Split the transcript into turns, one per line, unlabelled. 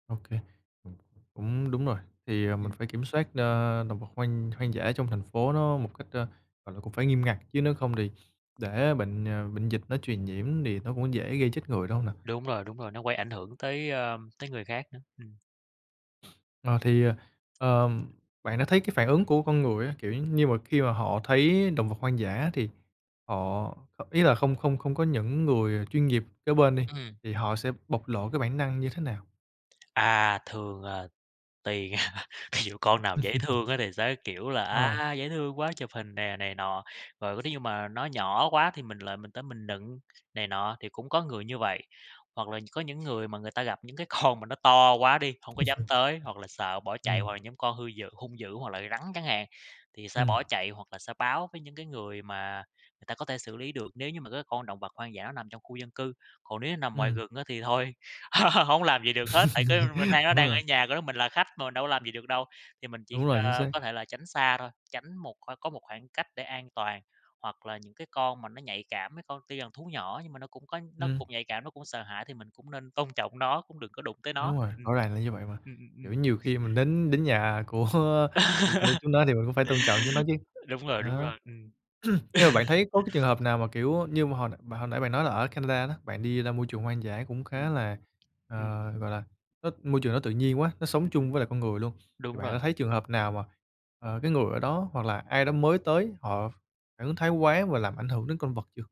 OK. Cũng đúng rồi, thì, ờ, mình
Ừm.
phải kiểm soát, ơ, động vật hoang hoang dã trong thành phố nó một cách, ơ, gọi là, cũng phải nghiêm ngặt chứ nếu không thì để bệnh, à, bệnh dịch nó truyền nhiễm thì nó cũng dễ gây chết người, đúng hông nào?
Đúng rồi, đúng rồi, nó quay ảnh hưởng tới, a, tới người khác nữa. Ừm.
Ờ, thì, ờ, ờm, bạn đã thấy cái phản ứng của con người á, kiểu giống như, mà khi mà họ thấy động vật hoang dã thì họ h ý là không không không có những người chuyên nghiệp kế bên đi,
Ừm.
thì họ sẽ bộc lộ cái bản năng như thế nào?
À, thường, à, tùy. Thí dụ con nào dễ thương á thì sẽ kiểu là:
Ờ.
"A, dễ thương quá, chụp hình nè" này nọ, rồi nếu như mà nó nhỏ quá thì mình lại mình tới mình nựng này nọ thì cũng có người như vậy. Hoặc là có những người mà người ta gặp những cái con mà nó to quá đi, hông có dám tới, hoặc là sợ bỏ chạy,
Ừm.
hoặc là những con hư d hung dữ, hoặc là rắn chẳng hạn, thì sẽ
Ừm.
bỏ chạy hoặc là sẽ báo với những cái người mà người ta có thể xử lý được nếu như mà cái con động vật hoang dã đó nằm trong khu dân cư. Còn nếu nó nằm ngoài
Ừm.
rừng á thì thôi hổng làm gì được hết, tại cái m nay nó
Đúng
đang
rồi.
ở nhà của nó, mình là khách mà, mình đâu có làm gì được đâu, thì mình chỉ,
Đúng rồi, chính
ơ,
xác!
có thể là tránh xa thôi, tránh một qua có một khoảng cách để an toàn. Hoặc là những cái con mà nó nhạy cảm, mấy con tuy rằng thú nhỏ nhưng mà nó cũng có nó
Ừm.
cũng nhạy cảm, nó cũng sợ hãi thì mình cũng nên tôn trọng nó, cũng đừng có đụng tới nó.
Đúng rồi,
Ừm.
rõ ràng là như vậy mà.
Ừm, ừm,
Kiểu
ừm.
nhiều khi mình đến đến nhà của của của chúng nó thì mình cũng phải tôn trọng chúng nó chứ.
Đúng rồi, đúng
Ờ.
rồi. Ừm.
Nhưng mà bạn thấy có cái trường hợp nào mà kiểu, ơ, như mà hồi n bạn hồi nãy bạn nói là ở Canada đó bạn đi ra môi trường hoang dã cũng khá
Ừm.
là,
Ừm.
ờ, gọi là, nó môi trường nó tự nhiên quá, nó sống
Ừm, ừm.
chung với lại con người luôn, thì
Đúng
bạn đã
rồi.
thấy trường hợp nào mà, ờ, cái người ở đó, hoặc là ai đó mới tới họ phản ứng thái quá và làm ảnh hưởng đến con vật chưa?